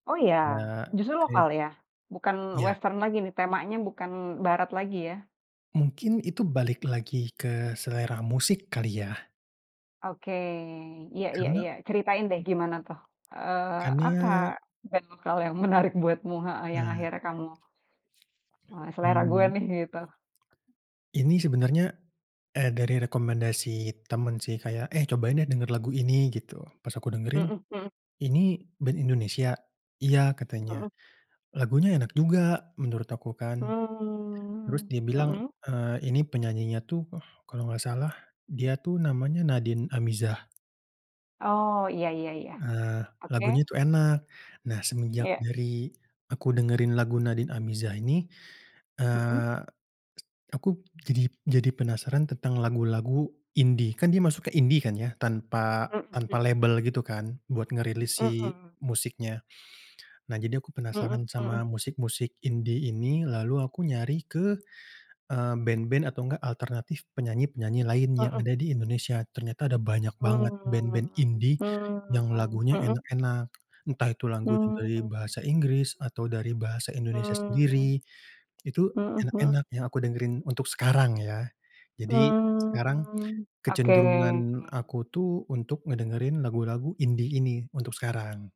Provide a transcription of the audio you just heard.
Oh ya? Nak Justru ke lokal ya, bukan Iya. western lagi nih, temanya bukan barat lagi ya? Mungkin itu balik lagi ke selera musik kali ya? Oke. Iya iya Karena iya, ceritain deh gimana tuh, eee, Karena apa, band lokal yang menarik buatmu heeh, yang Eee akhirnya kamu, eee, "selera gue Mmm. nih" gitu. Ini sebenarnya, eee, dari rekomendasi teman sih kayak, "Eh cobain deh dengar lagu ini," gitu. Pas aku dengerin, Mhm mhm. "Ini band Indonesia?", "Iya," katanya. Mhm. Lagunya enak juga, menurut aku kan. Terus Mmm, dia bilang, mhm. eee, "Ini penyanyinya tuh, kalau nggak salah dia tuh namanya Nadin Amizah." Oh, iya iya iya, Ah, oke. lagunya tuh enak. Nah semenjak Iya. dari aku dengerin lagu Nadin Amizah ini, Mhm. eee, aku jadi jadi penasaran tentang lagu-lagu indie, kan dia masuk ke indie kan ya, tanpa Mhm tanpa mhm. label gitu kan, buat ngerilis si Mhm. musiknya. Nah jadi aku penasaran Mhm mhm. sama musik-musik indie ini, lalu aku nyari ke, eee, band-band atau enggak alternatif penyanyi-penyanyi lain, yang Mhm. ada di Indonesia. Ternyata ada banyak banget band-band Mmm indie, yang mmm, lagunya mhm. enak-enak. Entah itu lagunya dari Mmm. bahasa Inggris, atau dari bahasa Indonesia Mmm. sendiri, itu Mhm mhm. enak-enak yang aku dengerin untuk sekarang ya. Jadi, sekarang Mmm, oke. kecenderungan aku untuk ngedengerin lagu-lagu indie ini, untuk sekarang.